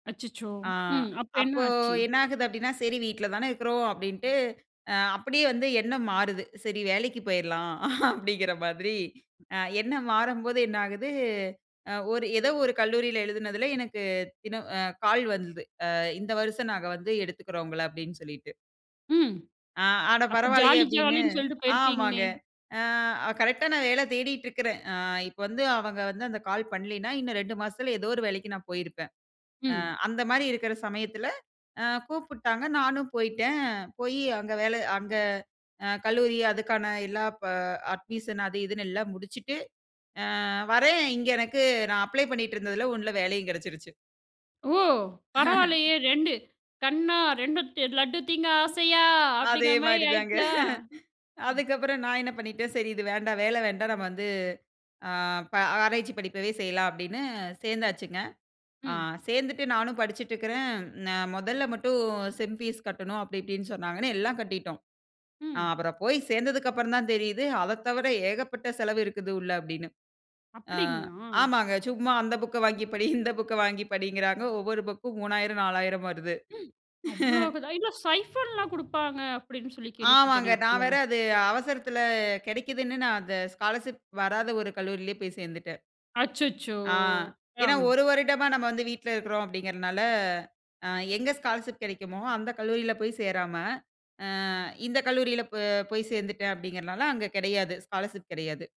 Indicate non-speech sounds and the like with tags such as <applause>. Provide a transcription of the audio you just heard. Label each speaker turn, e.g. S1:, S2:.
S1: அச்சச்சோ!
S2: ஆ
S1: ம். அப்பறம் என்ன
S2: அப்போ
S1: ஆச்சு?
S2: என்ன ஆகுது அப்படீன்னா, "சரி வீட்ல தான இருக்கிறோம்." அப்படீன்ட்டு அ அப்படியே வந்து எண்ணம் மாறுது. "சரி வேலைக்கு போயறலாம்." <chuckles> அப்படீங்கிற மாதிரி அ எண்ணம் மாறம்போது என்ன ஆகுது, அ ஒரு ஏதோ ஒரு கல்லூரில எழுதுனதில எனக்கு தினம் அ கால் வந்தது. "அ இந்த வருசம் நாங்க வந்து, எடுத்துக்கிறோம் உங்கள." அப்படீன்னு சொல்லிட்டு.
S1: ம்.
S2: "ஆ அட!
S1: அப்ப
S2: பரவால்லயே,"
S1: ஜாலி,
S2: அப்படீன்னு
S1: ஜாலின்னு சொல்லிட்டு
S2: ஆமாங்க.
S1: போயிருப்பீங்களே.
S2: அ அ கரெக்ட்டா நான் வேலை தேடிட்டுருக்கிறேன். அ இப்ப வந்து அவங்க வந்து அந்த கால் பண்ணலைன்னா, இன்னும் 2 மாசத்தில ஏதோ ஒரு வேலைக்கு நான் போயிருப்பேன். அ
S1: ம்.
S2: அந்த மாரி இருக்கிற சமயத்தில, அ கூப்பிட்டாங்க நானும் போயிட்டேன். போயி அங்க வேலை அங்க அ கல்லூரி அதுக்கான எல்லா ப அட்மிஷன் அது இதுன்னு எல்லாம் முடிச்சுட்டு, அ வரேன், இங்க எனக்கு நான் அப்ளை பண்ணீட்டுருந்ததில, ஒண்ணுல வேலையும் கெடைச்சிருச்சு.
S1: ஓ!
S2: <chuckles>
S1: பரவால்லையே. "2, கண்ணா 2, த் லட்டு திங்க
S2: ம்.
S1: ஆசையா?"
S2: அதே
S1: அப்படீங்கிற மாரி
S2: மாரி தாங்க.
S1: ஆயிடுச்சா?
S2: <chuckles>
S1: ம்.
S2: அதுக்கப்பறம் நான் என்ன பண்ணிட்டேன், "சரி, இது வேண்டாம். வேலை வேண்டாம். நம்ம வந்து ஆ ப ஆராய்ச்சி படிப்பவே செய்யலாம்." அப்படீன்னு சேர்ந்தாச்சுங்க. அ
S1: ம்.
S2: சேர்ந்துட்டு நானும் படிச்சுட்டுருக்கிறேன், "நான் மொதல்ல மட்டும் செம் ஃபீஸ் கட்டணும்." அப்படி இப்படீன்னு சொன்னாங்கன்னு, எல்லாம் கட்டிட்டோம். அ
S1: ம்.
S2: அப்புறம் போய் சேர்ந்ததுக்கப்பறம் தான் தெரியுது, "அத தவிர ஏகப்பட்ட செலவு இருக்குது உள்ள" அப்படீன்னு. அ
S1: அப்படீங்களா?
S2: ஆமாங்க. சும்மா அந்த புக்க வாங்கி படி, இந்த புக்க வாங்கி படிங்கிறாங்க. ஒவ்வொரு புக்கும் 3,000, 4,000 வருது.
S1: ம்.
S2: <chuckles>
S1: அவ்வளோவுதான். "இல்ல, சைஃபன்லாம் குடுப்பாங்க." அப்படீன்னு சொல்லி
S2: ஆமாங்க,
S1: கேள்விப்பட்டனே.
S2: நான்
S1: அப்படியா?
S2: வேற அது அவசரத்தில கெடைக்குதுன்னு, நான் அந்த ஸ்காலர்ஷிப் வராத ஒரு கல்லூரியிலேயே போய் சேர்ந்துட்டேன்.
S1: அச்சச்சோ!
S2: ஆ ஏன்னா,
S1: ஆ.
S2: "ஒரு வருடமா நம்ம வந்து வீட்ல இருக்கிறோம்." அப்படீங்கிறனால அ எங்க ஸ்காலர்ஷிப் கெடைக்குமோ, அந்த கல்லூரியில போய் சேராம, "அ இந்த கல்லூரியில போ போய் சேர்ந்துட்டேன்." அப்படீங்கிறனால அங்க கெடையாது, ஸ்காலர்ஷிப் கெடையாது.